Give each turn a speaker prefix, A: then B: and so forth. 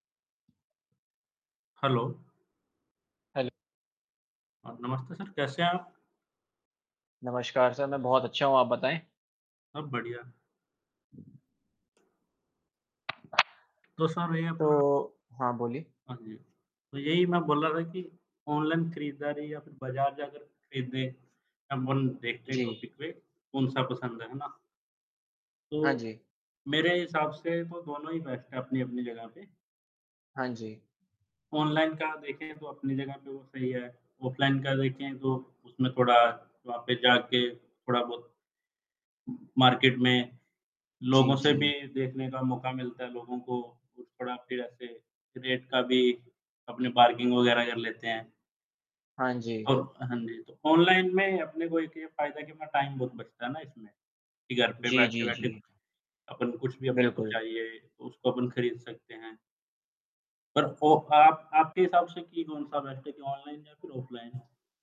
A: Hello.
B: हेल्
A: हाँ, नमस्ते sir कैसे हैं आप?
B: नमस्कार सर मैं बहुत अच्छा हूँ आप बताए।
A: सब बढ़िया। तो सर ये अपना
B: तो हाँ, बोलिए।
A: हाँ जी, तो यही मैं बोल रहा था कि ऑनलाइन खरीदारी या फिर बाजार जाकर खरीदे [unintelligible] देखते हैं
B: जी।
A: टॉपिक पे कौन-सा पसंद है, है ना?
B: हाँ
A: तो,
B: जी।
A: मेरे हिसाब से तो दोनों ही बेस्ट है अपनी-अपनी जगह पे।
B: हाँ जी।
A: ऑनलाइन का देखें तो अपनी जगह पे वो सही है, ऑफलाइन का देखें तो उसमें थोड़ा वहाँ पे जा के थोड़ा बहुत, मार्केट में, लोगों
B: जी,
A: से भी
B: जी।
A: देखने का मौका मिलता है लोगों को कुछ थोड़ा फिर ऐसे रेट का भी अपने बार्गिंग वगैरह कर लेते हैं।
B: हाँ जी।
A: और हाँ जी, तो ऑनलाइन में अपने को एक ये फायदा है कि न टाइम बहुत बचता है ना इसमें, कि घर पे
B: जी, जी,
A: बैठे-बैठे
B: जी।
A: अपन कुछ भी अपने को
B: बिल्कुल।
A: चाहिए तो उसको अपन खरीद सकते हैं। और वो आप आपके हिसाब से कि कौन-सा बेस्ट है कि ऑनलाइन या फिर ऑफलाइन है?